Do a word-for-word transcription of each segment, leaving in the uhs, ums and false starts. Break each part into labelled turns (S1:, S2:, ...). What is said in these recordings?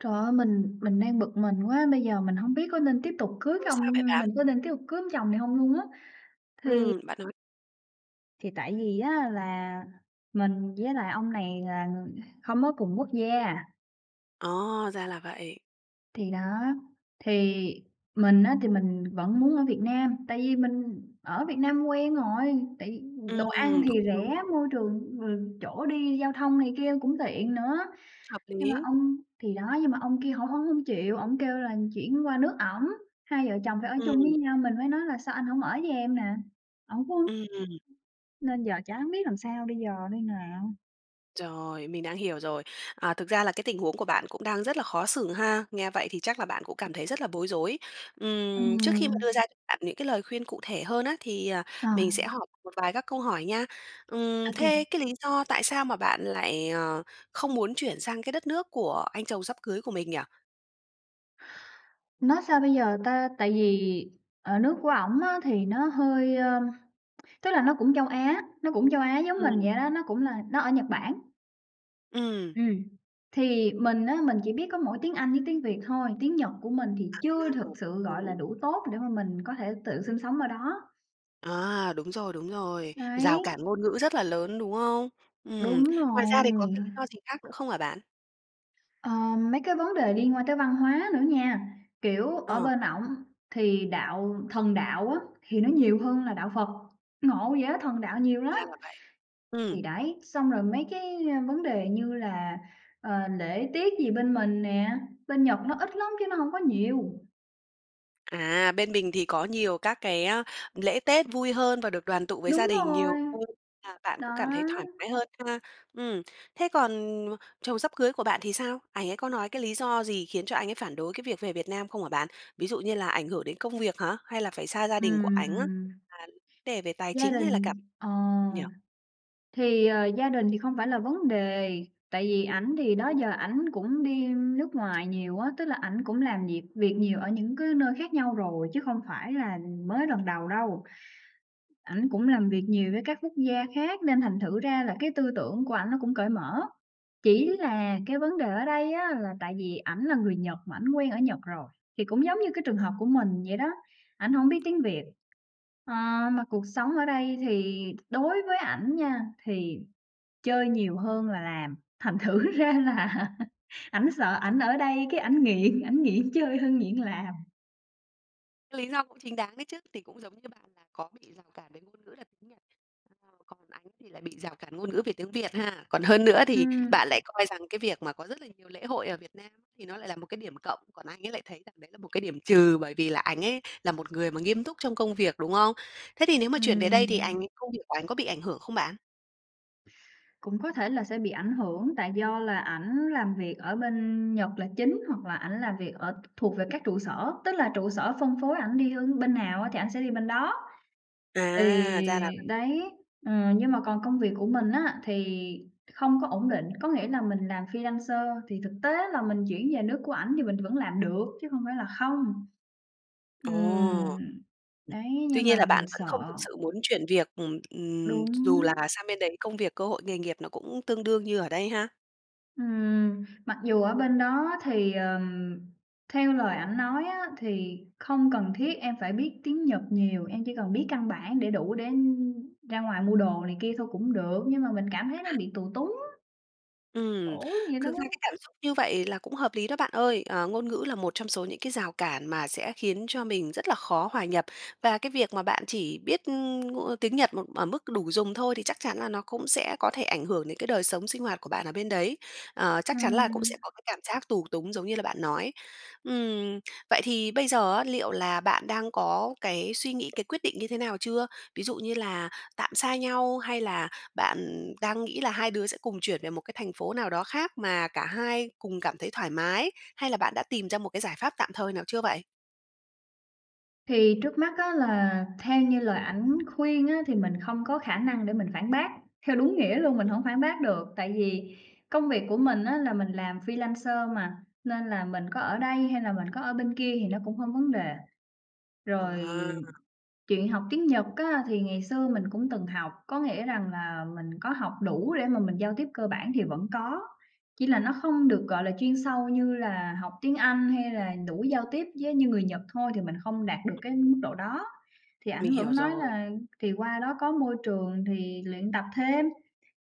S1: Trời ơi, mình mình đang bực mình quá, bây giờ mình hông biết có nên tiếp tục cưới
S2: Ôi, sao
S1: không,
S2: vậy
S1: nhưng
S2: bạn?
S1: mình có nên tiếp tục cưới ông chồng này hông luôn á, thì
S2: Ừm, bạn nói
S1: thì tại vì á là mình với lại ông này là người không có cùng quốc gia.
S2: Ờ, ra là vậy.
S1: Thì đó, thì mình á thì mình vẫn muốn ở Việt Nam, tại vì mình ở Việt Nam quen rồi, tại vì đồ ăn
S2: Ừm,
S1: thì
S2: cũng đúng.
S1: rẻ, môi trường, ờ, chỗ đi giao thông này kia cũng tiện nữa.
S2: Hợp
S1: Nhưng mà
S2: lý.
S1: ông thì đó, nhưng mà ông kia hổng ổng hông chịu, ổng kêu là chuyển qua nước ổng, hai vợ chồng phải ở chung với
S2: Ừm.
S1: nhau. Mình mới nói là "Sao anh hông ở với em nè?" ổng cũng
S2: Ừm.
S1: [unintelligible] Nên giờ chẳng biết làm sao bây giờ đây nà?
S2: Rồi, mình đã hiểu rồi. Ờ, thực ra là cái tình huống của bạn cũng đang rất là khó xử ha, nghe vậy thì chắc là bạn cũng cảm thấy rất là bối rối. Ừm. Trước khi mà đưa
S1: Ừm.
S2: ra cho bạn những cái lời khuyên cụ thể hơn á thì, ờ,
S1: Rồi.
S2: mình sẽ hỏi một vài các câu hỏi nha. Ừm.
S1: Ô kê.
S2: Thế cái lý do tại sao mà bạn lại, ờ, không muốn chuyển sang cái đất nước của anh chồng sắp cưới của mình nhỉ?
S1: Nói sao bây giờ ta, tại vì ờ nước của ổng á thì nó hơi, ơm, tức là nó cũng châu Á, nó cũng châu Á giống mình
S2: Ừm.
S1: vậy đó, nó cũng là nó ở Nhật Bản.
S2: Ừm.
S1: Ừm, thì mình á, mình chỉ biết có mỗi tiếng Anh với tiếng Việt thôi, tiếng Nhật của mình thì chưa thực
S2: [unintelligible] Ồ,
S1: sự, gọi là,
S2: đúng.
S1: đủ tốt để mà mình có thể tự sinh sống ở đó.
S2: À, đúng rồi, đúng rồi.
S1: Đấy.
S2: Rào cản ngôn ngữ rất là lớn, đúng không? Ừm.
S1: Đúng
S2: Ngoài ra thì có
S1: rồi.
S2: cái lý do gì khác nữa không hả bạn?
S1: Ờ, mấy cái vấn đề liên quan tới văn hóa nữa nha, kiểu, ở
S2: Ờ.
S1: bên ổng thì đạo thần đạo á, thì nó nhiều hơn là đạo Phật, ngộ vậy á, thần đạo nhiều lắm.
S2: Ra là vậy. Ừm.
S1: Thì đấy, xong rồi mấy cái, a, vấn đề như là, ờ, lễ tiết gì bên mình nè, bên Nhật nó ít lắm chứ nó hông có nhiều.
S2: À, bên mình thì có nhiều các cái lễ tết vui hơn và được đoàn tụ với gia
S1: Đúng
S2: đình nhiều
S1: rồi.
S2: hơn, là bạn
S1: Đó.
S2: cũng cảm thấy thoải mái hơn ha, ừm. Thế còn chồng sắp cưới của bạn thì sao? Ảnh ấy có nói cái lý do gì khiến cho anh ấy phản đối cái việc về Việt Nam không hả bạn? Ví dụ như là ảnh hưởng đến công việc hả hay là phải xa gia đình của ảnh á?
S1: Ừm.
S2: [unintelligible] đề về tài
S1: Gia
S2: chính hay là cảm
S1: đình, ờ,
S2: nhỉ?
S1: thì, ờ, gia đình thì không phải là vấn đề tại vì ảnh thì đó giờ ảnh cũng đi nước ngoài nhiều á, tức là ảnh cũng làm việc việc nhiều ở những cái nơi khác nhau rồi chứ không phải là mới lần đầu đâu. Ảnh cũng làm việc nhiều với các quốc gia khác nên thành thử ra là cái tư tưởng của ảnh nó cũng cởi mở, chỉ là cái vấn đề ở đây á, là tại vì ảnh là người Nhật mà ảnh quen ở Nhật rồi thì cũng giống như cái trường hợp của mình vậy đó, ảnh hông biết tiếng Việt. Ờ, mà cuộc sống ở đây thì đối với ảnh nha thì chơi nhiều hơn là làm, thành thử ra là ảnh sợ
S2: [unintelligible]
S1: ảnh ở đây cái ảnh nghiện ảnh nghiện chơi hơn nghiện làm.
S2: Lý do cũng chính đáng đấy chứ, thì cũng giống như bạn là có bị rào cản về ngôn ngữ là tiếng Nhật. Còn ảnh thì lại bị rào cản ngôn ngữ về tiếng Việt ha. Còn hơn nữa thì
S1: Ừm.
S2: bạn lại coi rằng cái việc mà có rất là nhiều lễ hội ở Việt Nam thì nó lại là một cái điểm cộng, còn anh ấy lại thấy rằng đấy là một cái điểm trừ, bởi vì là ảnh ấy là một người mà nghiêm túc trong công việc, đúng không? Thế thì nếu mà chuyển về đây thì ảnh
S1: Ừm.
S2: ấy công việc của ảnh có bị ảnh hưởng không bạn?
S1: Cũng có thể là sẽ bị ảnh hưởng, tại do là ảnh làm việc ở bên Nhật là chính, hoặc là ảnh làm việc ở thuộc về các trụ sở, tức là trụ sở phân phối ảnh đi h bên nào á thì ảnh sẽ đi bên đó. Thì,
S2: À, ra là
S1: đấy, ừm, nhưng mà còn công việc của mình á thì không có ổn định, có nghĩa là mình làm freelancer thì thực tế là mình chuyển về nước của ảnh thì mình vẫn làm được chứ không phải là không. Ừm.
S2: Ồ!
S1: Đấy,
S2: Tuy
S1: nhưng mà
S2: nhiên là bạn
S1: mình
S2: vẫn
S1: sợ.
S2: không thực sự muốn chuyển việc, ừm, ừm, dù là
S1: Đúng.
S2: sang bên đấy công việc cơ hội nghề nghiệp nó cũng tương đương như ở đây ha?
S1: Ừm, mặc dù ở bên đó thì, ờm, theo lời ảnh nói á thì không cần thiết em phải biết tiếng Nhật nhiều, em chỉ cần biết căn bản để đủ để ra ngoài mua đồ này kia thôi cũng được, nhưng mà mình cảm thấy nó bị tù túng.
S2: Ừm,
S1: Khổ vậy đó.
S2: thực ra cái cảm xúc như vậy là cũng hợp lý đó bạn ơi. À, ngôn ngữ là một trong số những cái rào cản mà sẽ khiến cho mình rất là khó hòa nhập. Và cái việc mà bạn chỉ biết, ừm, ng tiếng Nhật mà ở mức đủ dùng thôi thì chắc chắn là nó cũng sẽ có thể ảnh hưởng đến cái đời sống sinh hoạt của bạn ở bên đấy. À, chắc chắn là cũng
S1: Ừm.
S2: sẽ có cái cảm giác tù túng giống như là bạn nói. Ừm vậy thì bây giờ á, liệu là bạn đang có cái suy nghĩ, cái quyết định như thế nào chưa? Ví dụ như là tạm xa nhau, hay là bạn, ừm, đang nghĩ là hai đứa sẽ cùng chuyển về một cái thành phố nào đó khác mà cả hai cùng cảm thấy thoải mái, hay là bạn đã tìm ra một cái giải pháp tạm thời nào chưa vậy?
S1: Thì trước mắt á, là theo như lời ảnh khuyên á thì mình không có khả năng để mình phản bác. Theo đúng nghĩa luôn, mình hổng phản bác được, tại vì công việc của mình á là mình làm freelancer mà, nên là mình có ở đây hay là mình có ở bên kia thì nó cũng không vấn đề. Rồi
S2: À!
S1: chuyện học tiếng Nhật á, thì ngày xưa mình cũng từng học, có nghĩa rằng là mình có học đủ để mà mình giao tiếp cơ bản thì vẫn có, chỉ là nó không được, gọi là, chuyên sâu như là học tiếng Anh hay là đủ giao tiếp với như người Nhật thôi thì mình không đạt được cái
S2: Ừm.
S1: mức độ đó. Thì
S2: Mình
S1: ảnh
S2: hiểu
S1: vẫn nói
S2: rồi.
S1: là thì qua đó có môi trường thì luyện tập thêm,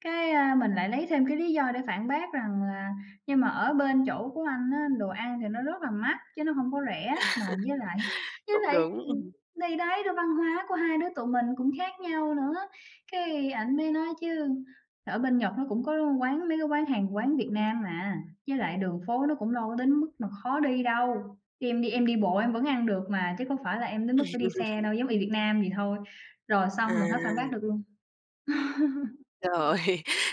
S1: cái, a, mình lại lấy thêm cái lý do để phản bác rằng là "Nhưng mà ở bên chỗ của anh á đồ ăn thì nó rất là mắc, chứ nó hông có rẻ, mà với lại với
S2: Cũng
S1: lại"
S2: đúng.
S1: ừm, thì đấy, rồi văn hóa của hai đứa tụi mình cũng khác nhau nữa. Cái ảnh mới nói chứ: "Ở bên Nhật nó cũng có quán mấy cái quán hàng quán Việt Nam mà, với lại đường phố nó cũng đâu có đến mức mà khó đi đâu, khi em đi em đi bộ em vẫn ăn được mà, chứ có phải là em đến mức phải đi xe đâu, giống y Việt Nam vậy thôi." Rồi
S2: À.
S1: xong, mình hết phản bác được luôn.
S2: Rồi,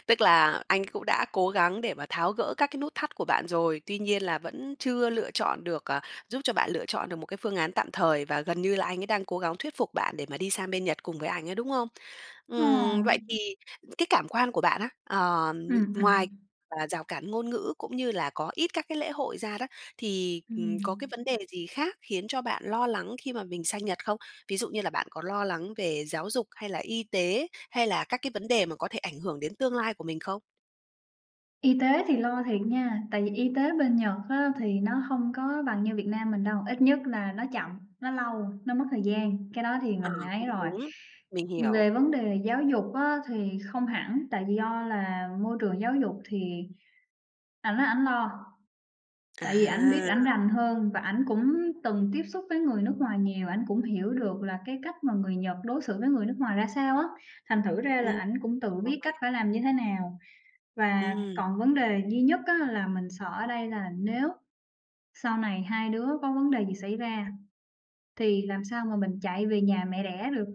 S2: tức là anh ấy cũng đã cố gắng để mà tháo gỡ các cái nút thắt của bạn rồi. Tuy nhiên là vẫn chưa lựa chọn được, à giúp cho bạn lựa chọn được một cái phương án tạm thời, và gần như là anh ấy đang cố gắng thuyết phục bạn để mà đi sang bên Nhật cùng với ảnh á, đúng không?
S1: Ờ.
S2: Ừm, vậy thì cái cảm quan của bạn á, ờ, l
S1: Ừm,
S2: ngoài
S1: ừm.
S2: là rào cản ngôn ngữ cũng như là có ít các cái lễ hội ra đó, thì, ừm, có cái
S1: Ừm.
S2: vấn đề gì khác khiến cho bạn lo lắng khi mà mình sang Nhật không? Ví dụ như là bạn có lo lắng về giáo dục hay là y tế hay là các cái vấn đề mà có thể ảnh hưởng đến tương lai của mình không?
S1: Y tế thì lo thiệt nha, tại vì y tế bên Nhật á thì nó hông có bằng như Việt Nam mình đâu, ít nhất là nó chậm, nó lâu, nó mất thời gian, cái đó thì
S2: Ờ,
S1: mình ấy
S2: cũng
S1: rồi.
S2: đúng, mình hiểu.
S1: Về vấn đề giáo dục á thì không hẳn, tại do là môi trường giáo dục thì ảnh nói ảnh lo. Tại vì ảnh biết
S2: À.
S1: ảnh rành hơn và ảnh cũng từng tiếp xúc với người nước ngoài nhiều, ảnh cũng hiểu được là cái cách mà người Nhật đối xử với người nước ngoài ra sao á. Thành thử ra là
S2: Ừm,
S1: ảnh cũng tự biết
S2: rồi.
S1: cách phải làm như thế nào, và
S2: Ừm.
S1: còn vấn đề duy nhất á là mình sợ ở đây là nếu sau này hai đứa có vấn đề gì xảy ra thì làm sao mà mình chạy về nhà mẹ đẻ được?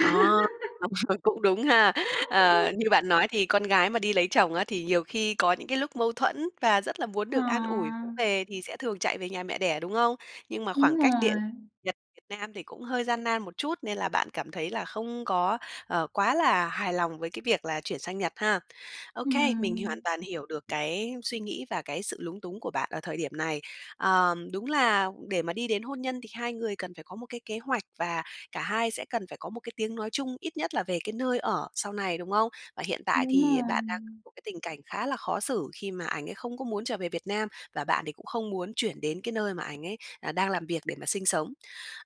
S2: À, đúng rồi, cũng đúng ha.
S1: [unintelligible]
S2: Ờ, như bạn nói thì con gái mà đi lấy chồng á, thì nhiều khi có những cái lúc mâu thuẫn và rất là muốn
S1: Ờ.
S2: được an ủi vỗ về thì sẽ thường chạy về nhà mẹ đẻ, đúng không? Nhưng mà
S1: Đúng
S2: khoảng cách địa
S1: rồi.
S2: Nhật, Việt Nam thì cũng hơi gian nan một chút nên là bạn cảm thấy là không có, ờ, quá là hài lòng với cái việc là chuyển sang Nhật ha. Ô kê, mình hoàn
S1: Ừm.
S2: toàn hiểu được cái suy nghĩ và cái sự lúng túng của bạn ở thời điểm này. Ờ, đúng là để mà đi đến hôn nhân thì hai người cần phải có một cái kế hoạch và cả hai sẽ cần phải có một cái tiếng nói chung ít nhất là về cái nơi ở sau này, đúng không? Và hiện tại
S1: Đúng
S2: thì bạn đang [unintelligible]
S1: rồi.
S2: một cái tình cảnh khá là khó xử, khi mà ảnh ấy không có muốn trở về Việt Nam, và bạn thì cũng không muốn chuyển đến cái nơi mà ảnh ấy, à, đang làm việc để mà sinh sống.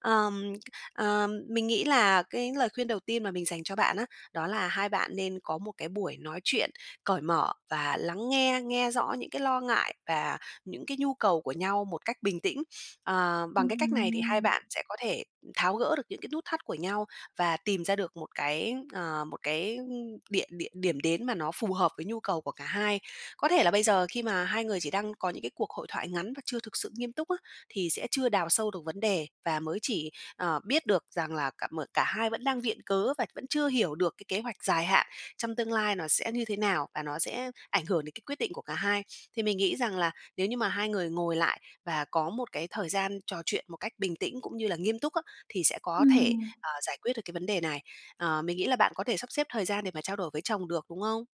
S2: Ờm, ờ, mình nghĩ là cái lời khuyên đầu tiên mà mình dành cho bạn á, đó là hai bạn nên có một cái buổi nói chuyện cởi mở và lắng nghe, nghe rõ những cái lo ngại và những cái nhu cầu của nhau một cách bình tĩnh. Ờ, bằng cái cách này thì hai
S1: Ừm.
S2: bạn sẽ có thể tháo gỡ được những cái nút thắt của nhau và tìm ra được một cái, ờ, một cái, ưm, địa địa điểm đến mà nó phù hợp với nhu cầu của cả hai. Có thể là bây giờ khi mà hai người chỉ đang có những cái hội thoại ngắn và chưa thực sự nghiêm túc á, thì sẽ chưa đào sâu được vấn đề, và mới chỉ, ờ, biết được rằng là cả mở cả hai vẫn đang viện cớ và vẫn chưa hiểu được cái kế hoạch dài hạn trong tương lai nó sẽ như thế nào, và nó sẽ ảnh hưởng đến cái quyết định của cả hai. Thì mình nghĩ rằng là nếu như mà hai người ngồi lại và có một cái thời gian trò chuyện một cách bình tĩnh cũng như là nghiêm túc á, thì sẽ có thể,
S1: Ừm.
S2: ờ, giải quyết được cái vấn đề này. Ờ, mình nghĩ là bạn có thể sắp xếp thời gian để mà trao đổi với chồng được, đúng không?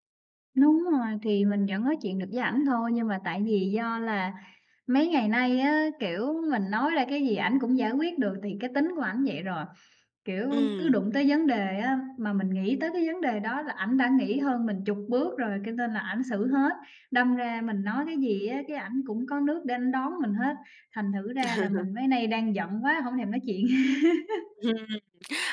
S1: Đúng rồi, thì mình vẫn nói chuyện được với ảnh thôi, nhưng mà tại vì do là mấy ngày nay á, kiểu, mình nói ra cái gì ảnh cũng giải quyết được thì cái tính của ảnh vậy rồi. Kiểu, cứ
S2: Ừm.
S1: đụng tới vấn đề á, mà mình nghĩ tới cái vấn đề đó là ảnh đã nghĩ hơn mình chục bước rồi cho nên là ảnh xử hết. Đâm ra mình nói cái gì á cái ảnh cũng có nước để ảnh đón mình hết, thành thử ra là mình mấy nay đang giận quá hổng thèm nói chuyện.
S2: Ừm.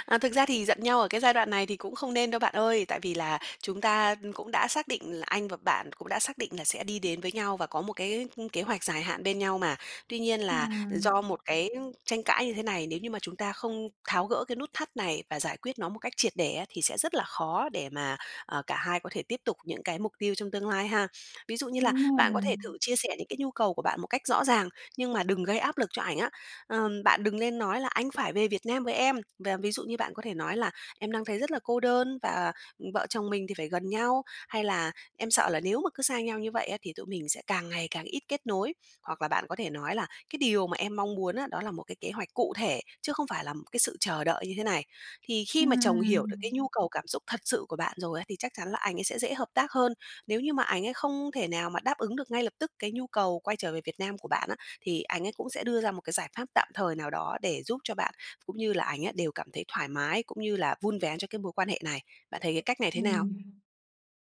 S2: À, thực ra thì giận nhau ở cái giai đoạn này thì cũng không nên đâu bạn ơi, tại vì là chúng ta cũng đã xác định là anh và bạn cũng đã xác định là sẽ đi đến với nhau và có một cái, ưm, kế hoạch dài hạn bên nhau mà. Tuy nhiên là do
S1: Ừm.
S2: một cái tranh cãi như thế này, nếu như mà chúng ta không tháo gỡ cái nút thắt này và giải quyết nó một cách triệt để á, thì sẽ rất là khó để mà, à, cả hai có thể tiếp tục những cái mục tiêu trong tương lai ha. Ví dụ như là
S1: Đúng
S2: bạn có
S1: rồi.
S2: thể thử chia sẻ những cái nhu cầu của bạn một cách rõ ràng, nhưng mà đừng gây áp lực cho ảnh á. Ừm, bạn đừng lên nói là "Anh phải về Việt Nam với em!", và ví dụ như bạn có thể nói là "Em đang thấy rất là cô đơn và, ừm, vợ chồng mình thì phải gần nhau.", hay là "Em sợ là nếu mà cứ xa nhau như vậy á thì tụi mình sẽ càng ngày càng ít kết nối.", hoặc là bạn có thể nói là "Cái điều mà em mong muốn á, đó là một cái kế hoạch cụ thể chứ không phải là một cái sự chờ đợi như thế này." Thì khi mà chồng hiểu được cái
S1: Ừm.
S2: nhu cầu cảm xúc thật sự của bạn rồi á thì chắc chắn là anh ấy sẽ dễ hợp tác hơn. Nếu như mà ảnh ấy không thể nào mà đáp ứng được ngay lập tức cái nhu cầu quay trở về Việt Nam của bạn á, thì anh ấy cũng sẽ đưa ra một cái giải pháp tạm thời nào đó để giúp cho bạn cũng như là ảnh ấy đều cảm thấy thoải mái, cũng như là vun vén cho cái mối quan hệ này. Bạn thấy cái cách này thế nào?
S1: Ừm.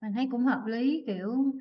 S1: Mình thấy cũng hợp lý, kiểu,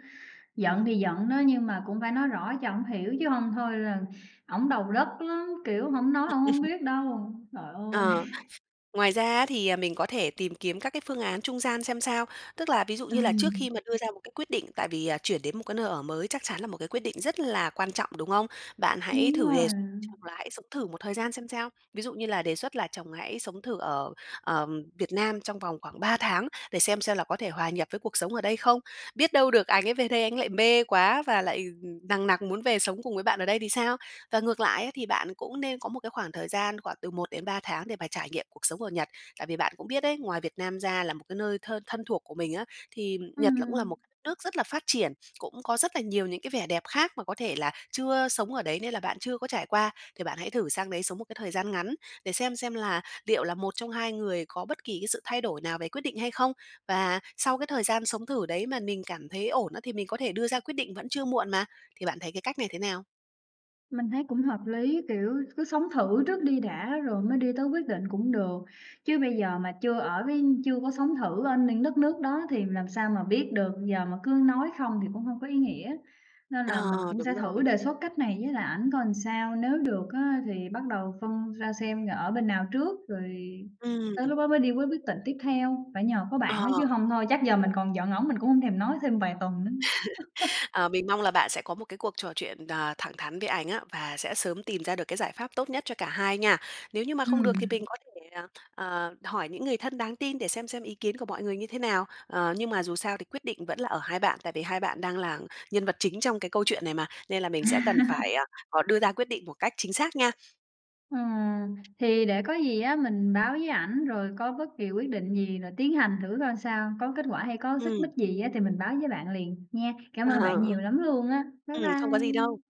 S1: giận thì giận đó nhưng mà cũng phải nói rõ cho ổng hiểu chứ hông thôi là ổng đầu đất lắm, kiểu, hổng nói ổng hổng biết đâu, trời ơi.
S2: Ờ. Ngoài ra á thì, à, mình có thể tìm kiếm các cái phương án trung gian xem sao. Tức là ví dụ như là trước
S1: Ừm.
S2: khi mà đưa ra một cái quyết định tại vì, à, chuyển đến một cái nơi ở mới chắc chắn là một cái quyết định rất là quan trọng, đúng không? Bạn hãy
S1: Đúng
S2: thử
S1: rồi.
S2: đề x chung là hãy sống thử một thời gian xem sao. Ví dụ như là đề xuất là chồng hãy sống thử ở, ờm, Việt Nam trong vòng khoảng ba tháng để xem xem là có thể hòa nhập với cuộc sống ở đây không. Biết đâu được ảnh ấy về đây ảnh lại mê quá và lại, ừm, nằng nặc muốn về sống cùng với bạn ở đây thì sao? Và ngược lại ấy thì bạn cũng nên có một cái khoảng thời gian khoảng từ một đến ba tháng để mà trải nghiệm cuộc sống ở Nhật. Tại vì bạn cũng biết đấy, ngoài Việt Nam ra là một cái nơi thơ thân thuộc của mình á, thì
S1: Ừm,
S2: Nhật là cũng là
S1: ừm.
S2: một cái đất nước rất là phát triển, cũng có rất là nhiều những cái vẻ đẹp khác mà có thể là chưa sống ở đấy nên là bạn chưa có trải qua. Thì bạn hãy thử sang đấy sống một cái thời gian ngắn để xem xem là liệu là một trong hai người có bất kỳ cái sự thay đổi nào về quyết định hay không? Và sau cái thời gian sống thử đấy mà mình cảm thấy ổn á thì mình có thể đưa ra quyết định vẫn chưa muộn mà. Thì bạn thấy cái cách này thế nào?
S1: Mình thấy cũng hợp lý. Kiểu, cứ sống thử trước đi đã rồi mới đi tới quyết định cũng được, chứ bây giờ mà chưa ở với chưa có sống thử ở những đất nước đó thì làm sao mà biết được, giờ mà cứ nói không thì cũng hông có ý nghĩa. Nên là mình
S2: Ờ,
S1: cũng sẽ
S2: đúng
S1: thử
S2: rồi.
S1: đề xuất cách này với lại ảnh coi ừn sao, nếu được á thì bắt đầu phân ra xem là ở bên nào trước rồi
S2: Ừm.
S1: tới lúc đó mới đi với quyết định tiếp theo. Phải nhờ có bạn
S2: Ờ.
S1: á chứ hông thôi chắc giờ mình còn giận ổng mình cũng hông thèm nói thêm vài tuần nữa.
S2: Ờ, mình mong là bạn sẽ có một cái cuộc trò chuyện, ờ, thẳng thắn với ảnh á, và sẽ sớm tìm ra được cái giải pháp tốt nhất cho cả hai nha. Nếu như mà không được thì mình
S1: Ừm.
S2: có thể là à, hỏi những người thân đáng tin để xem xem ý kiến của mọi người như thế nào. Ờ, nhưng mà dù sao thì quyết định vẫn là ở hai bạn, tại vì hai bạn đang là nhân vật chính trong cái câu chuyện này mà, nên là mình sẽ cần phải, à, ờ, đưa ra quyết định một cách chính xác nha.
S1: Ừm, thì để có gì á mình báo với ảnh rồi có bất kỳ quyết định gì là tiến hành thử coi sao, có kết quả hay có xích mích
S2: Ừm.
S1: gì á thì mình báo với bạn liền, nha. Cảm
S2: À,
S1: ơn bạn
S2: ờ.
S1: nhiều lắm luôn á. Bye
S2: Ừm, không có gì đâu.
S1: bye.